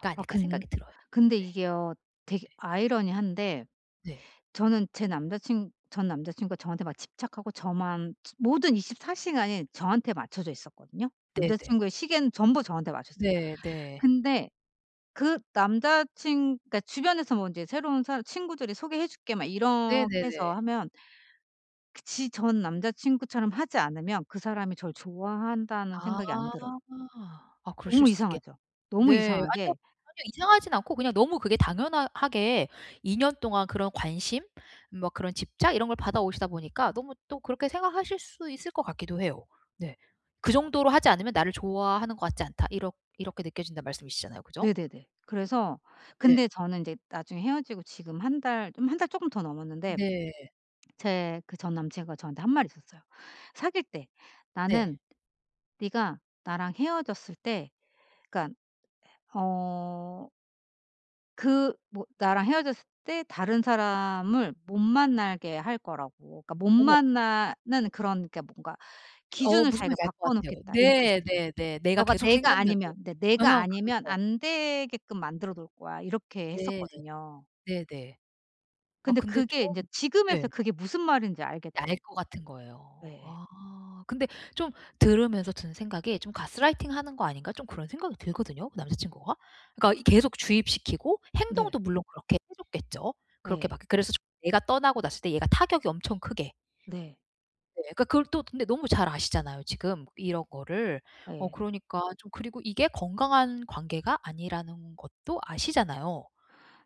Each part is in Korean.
'가 아 아닐까.' 근 생각이 들어요. 근데 네. 이게요. 되게 네. 아이러니한데 네. 저는 제 남자 친 전 남자 친구가 저한테 막 집착하고 저만 치 모든 24 시간이 저한테 맞춰져 있었거든요. 남자 네네. 친구의 시계는 전부 저한테 맞췄어요. 네 네. 근데 그 남자 친 그러니까 주변에서 뭐 이제 새로운 사람 친구들이 "소개해 줄게." 막 이렇게 해서 네네네. 하면 그 지 전 남자 친구처럼 하지 않으면 그 사람이 절 좋아한다는 아. 생각이 안 들어요. 아 그러실 너무 수 있겠 이상하죠. 너무 네 아니요, 이상하게 아니요. 이상하진 않고 그냥 너무 그게 당연하 하게 2 년 동안 그런 관심 뭐 그런 집착 이런 걸 받아오시다 보니까 너무 또 그렇게 생각하실 수 있을 것 같기도 해요. 네. '그 정도로 하지 않으면 나를 좋아하는 것 같지 않다.' 이렇 이렇게 느껴진다는 말씀이시잖아요. 그죠? 네네네. 그래서 네. 근데 저는 이제 나중에 헤어지고 지금 1 달 좀 1 달 쪼끔 더 넘었는데 네. 제 그 전 남자 친구가 저한테 한 말이 있었어요. 사귈 때 네. 나는 네가 나랑 헤어졌을 때 그러니까 헤 어 그 뭐 나랑 헤어졌을 때 다른 사람을 못 만나게 할 거라고. 그러니까 못 어머. 만나는 그런 그러니까 뭔가 어 기준을 무슨 자기가 말인지 알 것 바꿔 같아요. 놓겠다 이렇게 네 했었어요. 네네. 내가 너가 계속 내가 생각나게. 아니면 "내 아 내가 아니면 그렇죠. 안 되게끔 만들어 놓을 거야." 이렇게 네. 했었거든요. 네네. 아 근데 근데 좀 그게 인제 예. 지금에서야 그게 무슨 말인지 알겠더라 알 것 같은 거예요. 예예. 아. 근데 좀 들으면서 드는 생각이 좀 '가스라이팅 하는 거 아닌가?' 좀 그런 생각이 들거든요 그 남자친구가. 그러니까 이 계속 주입시키고 네. 행동도 물론 그렇게 해 줬겠죠. 그렇게 네. 막 그래서 좀 내가 떠나고 났을 때 얘가 타격이 엄청 크게. 네. 네. 그 그걸 또 근데 너무 잘 아시잖아요 지금 이런 거를. 어 예. 그러니까 좀 그리고 이게 건강한 관계가 아니라는 것도 아시잖아요.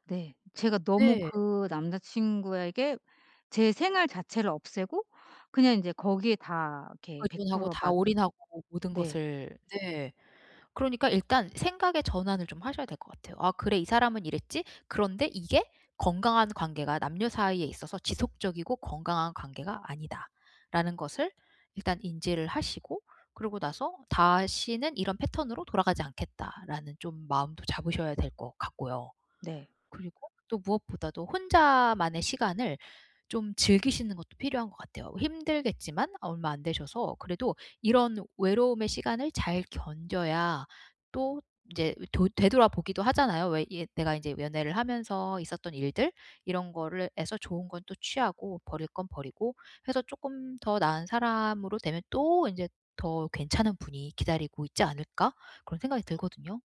네. 제가 너무 네. 그 남자 친구에게 제 생활 자체를 없애고 그냥 이제 거기에 다 이렇게 백 의존하고 프로 다 맞 올인하고 모든 네. 것을 네 그러니까 일단 생각의 전환을 좀 하셔야 될 것 같아요. '아 그래 이 사람은 이랬지? 그런데 이게 건강한 관계가 남녀 사이에 있어서 지속적이고 건강한 관계가 아니다.'라는 것을 일단 인지를 하시고 그러고 나서 '다시는 이런 패턴으로 돌아가지 않겠다.'라는 좀 마음도 잡으셔야 될 것 같고요. 네. 그리고 또 무엇보다도 혼자만의 시간을 좀 즐기시는 것도 필요한 것 같아요. 힘들겠지만 얼마 안 되셔서 그래도 이런 외로움의 시간을 잘 견뎌야 또 이제 이 돌 되돌아보기도 하잖아요 왜 예 내가 이제 연애를 하면서 있었던 일들. 이런 거를 해서 좋은 건 또 취하고 버릴 건 버리고 해서 '쪼끔 더 나은 사람으로 되면 또 인제 더 괜찮은 분이 기다리고 있지 않을까?' 그런 생각이 들거든요.